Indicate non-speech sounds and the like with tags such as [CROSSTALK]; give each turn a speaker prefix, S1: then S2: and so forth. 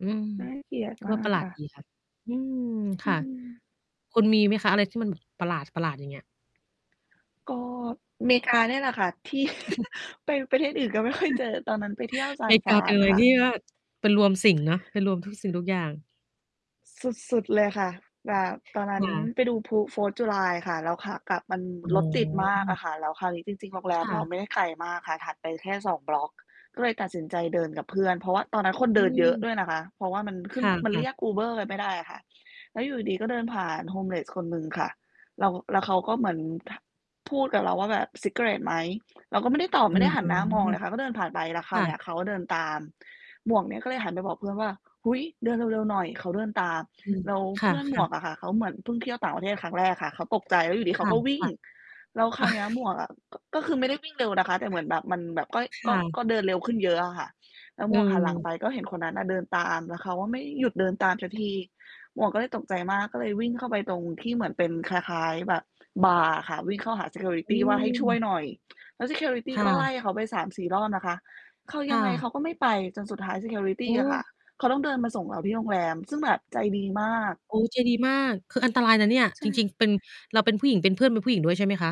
S1: อืม
S2: น่าเกลียด
S1: ก
S2: ม
S1: ็
S2: า
S1: ป
S2: ก
S1: ระหลา
S2: ค
S1: ด
S2: ่ะ
S1: ดีค่ะ อืม
S2: อ
S1: ค
S2: ื
S1: ่ะ
S2: ม
S1: คุณมีไหมคะ อะไรที่มัน ประหลาด ๆ อย่างเงี้ย?
S2: ก็เมกานี่แหละค่ะ ที่
S1: [CHUCKLES]
S2: ไปประเทศอื่นก็ไม่ค่อยเจ
S1: [CHUCKLES]
S2: อ ตอนนั้นไปเที่ยวซ
S1: เ
S2: า
S1: ม
S2: นฟ
S1: ก
S2: รา
S1: าเป็
S2: น
S1: นอะไร
S2: ค่
S1: ที
S2: ะ
S1: ่ว่า เป็นรวมสิ่งเนาะ เป็นรวมทุกสิ่งทุกอย่าง
S2: สุด ๆ เลยค่ะ แบบตอนนั
S1: ค
S2: ้น
S1: ่ะ
S2: ไปดูพลุ Fourth July ค่ะ แล้วขากลับมัน
S1: อ๋
S2: รถติดมากอ
S1: อ
S2: ะค่ะ แล้วคราวนี้จริง ๆ โรงแร
S1: ค
S2: ม
S1: ่
S2: เรา
S1: ะ
S2: ไม่ได้ไกลมากค่ะ ถัดไปแค่ 2 บล็อก ก็เลยตัดสินใจเดินกับเพื่อน เพราะว่าตอนนั้นคน
S1: อ
S2: เ
S1: ื
S2: ดินเยอะ
S1: ม
S2: ด้วยนะคะ เพราะว่ามันขึ
S1: ค
S2: ้น
S1: ่
S2: มันเร
S1: ะ
S2: ี
S1: ๆ
S2: ยก UBER กันไม่ได้อะค่ะ แล้วอยู่ดี ๆ ก็เดินผ่าน homeless คนหนึ่งค่ะ แล้ว แล้วเขาก็เหมือน พ พูดกับเราว่า แบบ "ซิกาเร็ตต์ ไหม?" เราก็ไม่ได้ตอบ
S1: อ
S2: ไ
S1: ื
S2: ม่ไ
S1: อ
S2: ด้หั
S1: อ
S2: น
S1: ื
S2: หน้ามองเล
S1: อ
S2: ยค่ะ ก็เดินผ่านไป แล้วค
S1: ค
S2: รา
S1: ่
S2: วเนี้
S1: ะ
S2: ยเขาก็เดินตาม หมวกเนี่ยก็เลยหันไปบอกเพื่อนว่า "อุ๊ย เดินเร็ว ๆ หน่อย เขาเดินตาม"
S1: อืม
S2: แล้ว
S1: ค
S2: เ
S1: ่
S2: พื่อนหม
S1: ะ
S2: วก
S1: ๆ
S2: อะค่ะ เขาเหมือนเพิ่งเที่ยวต่างประเทศครั้งแรกค่ะ เขาตกใจ แล้วอยู่ดี ๆ
S1: ค
S2: เขาก็วิ่ง
S1: ่ะ
S2: แล้วค
S1: ๆ
S2: ราวเนี้ยหม
S1: [CHUCKLES]
S2: วกอะ ก ก็คือไม่ได้วิ่งเร็วนะคะ แต่เหมือนแบบมันแบบ ก็
S1: ค
S2: ก็
S1: ่ะ
S2: ก็เดินเร็วขึ้นเยอะอะค่ะ แล้วหม
S1: เ
S2: วกหันหลัง
S1: ออ
S2: ไป ก็เห็นคนนั้นอะเดินตาม แล้วเขาก็ไม่หยุดเดินตามสักที หมวกก็เลยตกใจมาก ก็เลยวิ่งเข้าไปตรงที่เหมือนเป็นคล้าย ๆ แบบบาร์อะค่ะ วิ่งเข้าหา ซีเคียวริ
S1: อ
S2: ต
S1: ื
S2: ี ว่าให้ช่วย
S1: ม
S2: หน่อย แล้ว ซีเคียวริตี
S1: ค่
S2: ก็ไล่
S1: ะ
S2: เขาไป 3-4 รอบนะคะ เขา
S1: ค
S2: ยั
S1: ่
S2: งไงเขา
S1: ะ
S2: ก็ไม่ไป จนสุดท้าย ซีเคียวริต
S1: โอ
S2: ี
S1: ้
S2: อะค่ะ เขาต้องเดินมาส่งเราที่โรงแรม ซึ่งแบบใจดีมาก
S1: โอ้ ใจดีมาก คืออันตรายนะเนี่ย
S2: ใช
S1: จ
S2: ่
S1: ริ
S2: ค
S1: ง
S2: ่ะ
S1: ๆ เป็น เราเป็นผู้หญิง เป็น เพื่อนเป็นผู้หญิงด้วยใช่ไหมคะ?